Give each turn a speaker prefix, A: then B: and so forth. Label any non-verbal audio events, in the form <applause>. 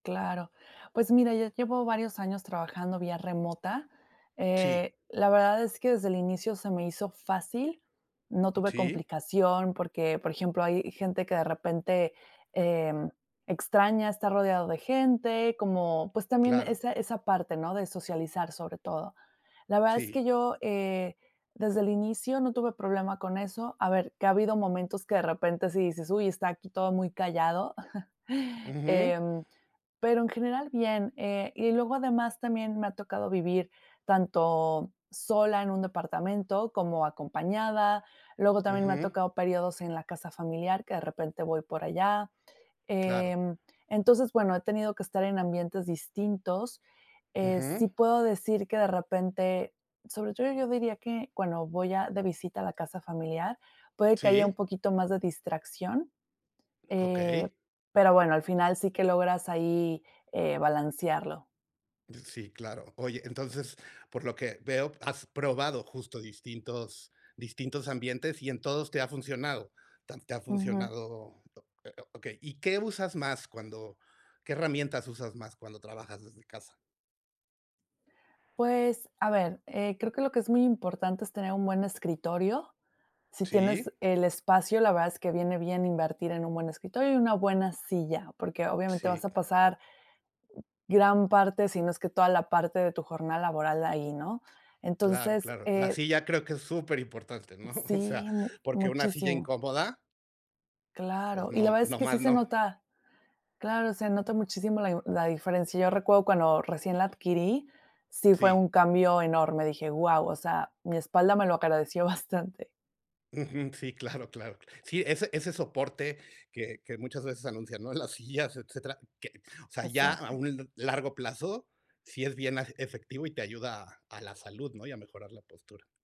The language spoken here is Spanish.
A: Claro. Pues mira, ya llevo varios años trabajando vía remota,
B: Sí.
A: eh, la verdad es que desde el inicio se me hizo fácil, no tuve
B: ¿Sí?
A: complicación, porque, por ejemplo, hay gente que de repente, eh, extraña estar rodeado de gente, como pues, también
B: Claro.
A: esa esa parte, ¿no?, de socializar sobre todo. La verdad es que
B: Sí.
A: yo, eh, desde el inicio no tuve problema con eso. A ver, que ha habido momentos que de repente, sí dices: "Uy, está aquí todo muy callado". <chuckles>
B: Ujú.
A: Em, pero en general, bien. Eh, y luego, además también me ha tocado vivir tanto sola en un departamento, como acompañada, luego también me ha
B: Ujú.
A: tocado periodos en la casa familiar, que de repente voy por allá.
B: Claro.
A: Em, entonces, bueno, he tenido que estar en ambientes distintos, eh,
B: Ujú.
A: sí puedo decir que de repente sobre todo, yo diría que cuando voy a de visita a la casa familiar, puede que haya un
B: Sí.
A: poquito más de distracción, eh,
B: Okey.
A: pero bueno, al final, sí que logras ahí, eh, balancearlo.
B: Sí, claro. Oye, entonces, por lo que veo has probado justo, distintos distintos ambientes y en todos te ha funcionado. Tan te ha
A: Ujú.
B: funcionado oh, eh, oh, okey, ¿y qué usas más cuando qué herramientas usas más cuando trabajas desde casa?
A: Pues a ver, eh, creo que lo que es muy importante es tener un buen escritorio, si
B: Sí.
A: tienes el espacio, la verdad es que viene bien invertir en un buen escritorio y una buena silla, porque obviamente vas
B: Sí.
A: a pasar gran parte, si no es que toda la parte de tu jornada laboral ahí, ¿no?
B: Claro,
A: Entonces,
B: claro. La
A: eh
B: silla creo que es superimportante, ¿no? O sea,
A: Sí, mu
B: porque una silla
A: muchísimo.
B: incómoda pues
A: Claro, y la
B: no,
A: verdad es que
B: nomás
A: sí se
B: no.
A: nota claro, se nota muchísimo la i la diferencia. Yo recuerdo cuando recién la adquirí, sí fue
B: Sí.
A: un cambio enorme, dije: "Guau". O sea, mi espalda me lo agradeció bastante.
B: Ujú, sí, claro, claro. Sí, ese ese soporte que que muchas veces anuncian, ¿no?, las sillas, etcétera, que o sea, ya a
A: Exacto.
B: un largo plazo sí es bien afe efectivo y te ayuda a la salud, ¿no?, y a mejorar la postura.